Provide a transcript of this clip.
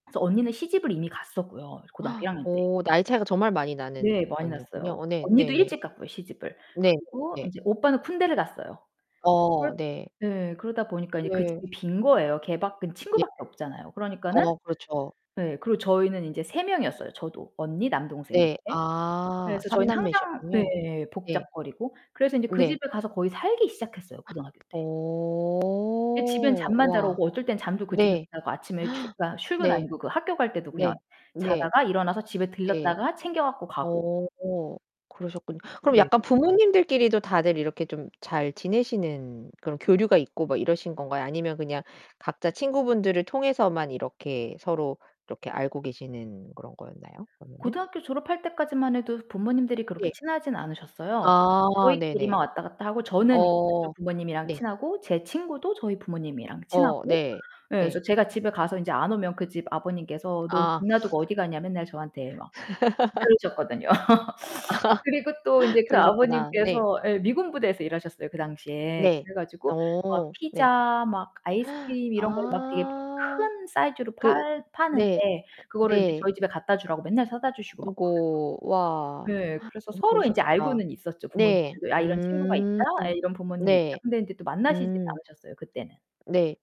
그래서 언니는 시집을 이미 갔었고요, 고등학교 1 학년 때. 오 나이 차이가 정말 많이 나는 네 많이 언니였군요. 났어요. 어 네. 언니도 네네. 일찍 갔고요 시집을. 네 네 그리고 네. 인제 오빠는 군대를 갔어요. 그렇 어 네. 네. 그러다 보니까 이제 그 네. 집이 빈 거예요. 걔 밖에는 예. 친구밖에 없잖아요. 그러니까는 어 그렇죠. 예. 그리고 저희는 인제 3 명이었어요 저도 언니, 남동생 네. 이렇게. 아. 그래서 3 저희는 항상 남매셨군요. 네 네. 복작거리고. 그래서 인제 그 네. 집에 가서 거의 살기 시작했어요 고등학교 때. 그때 집엔 오. 잠만 자러 와. 오고 어떨 땐 잠도 그 집에서 네. 자고 아침에 출 아 출근 네. 아니고 그 학교 갈 때도 그냥 네. 네. 자다가 일어나서 집에 네. 들렀다가 챙겨 갖고 가고. 오 그러셨군요. 그럼 네. 약간 부모님들끼리도 다들 이렇게 좀 잘 지내시는 그런 교류가 있고 막 이러신 건가요? 아니면 그냥 각자 친구분들을 통해서만 이렇게 서로 이렇게 알고 계시는 그런 거였나요 그러면은? 고등학교 졸업할 때까지만 해도 부모님들이 그렇게 예. 친하진 않으셨어요. 그러니까 아 네네. 저희끼리만 왔다 갔다 하고 저는 이제 어 그쪽 부모님이랑 네. 친하고 제 친구도 저희 부모님이랑 어 친하고. 네. 에 그래서 네. 제가 집에 가서 이제 안 오면 그 집 아버님께서 "너 집 아. 놔두고 어디 가냐?" 맨날 저한테 막 그러셨거든요. 아하 그리고 또 인제 그 그러셨구나. 네. 아버님께서 에 미군 부대에서 일하셨어요 그 당시에. 네. 그래 가지고 막 어 네. 피자, 막 아이스크림 이런 거를 막 되게 파 아. 큰 사이즈로 그 팔 파는데 네. 그거를 인제 네. 저희 집에 갖다 주라고 맨날 사다 주시고 막 아이고 와. 그랬거든요. 네 그래서 너무 서로 인제 좋으셨겠다. 알고는 있었죠 네. 부모님들도. 아 이런 친구가 있다. 음. 아 이런 부모님이 있다. 네. 근데 이제 또 만나시진 음. 않으셨어요 그때는. 네.